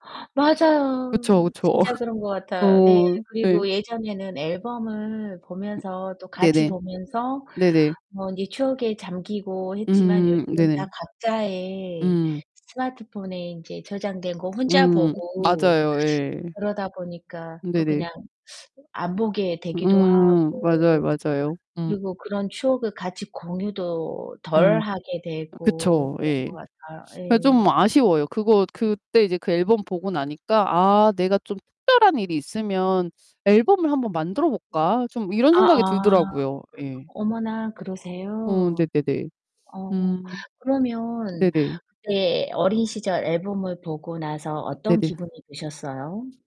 그쵸 맞아요. 그쵸. 진짜 그런 거 같아요. 네. 어 네. 그리고 예전에는 앨범을 음 보면서 또 같이 네네. 보면서 네네. 뭐 이제 추억에 잠기고 했지만 음 요즘은 네네. 다 각자의 음. 스마트폰에 인제 저장된 거 혼자 음. 보고 맞아요 예. 그러다 보니까 또 네네. 그냥 안 보게 되기도 음 맞아요, 하고, 맞아요. 음. 그리고 그런 추억을 같이 공유도 덜 음. 하게 되고 그쵸 그런 예. 거 같아요. 근데 좀 예. 아쉬워요. 그거 그때 이제 그 앨범 보고 나니까 '아, 내가 좀 특별한 일이 있으면 앨범을 한번 만들어 볼까?' 좀 이런 생각이 아아. 들더라고요. 예. 어머나 어 그러세요. 네네네. 어. 음. 그러면 네네. 네 어린 시절 앨범을 보고 나서 어떤 네네. 기분이 드셨어요?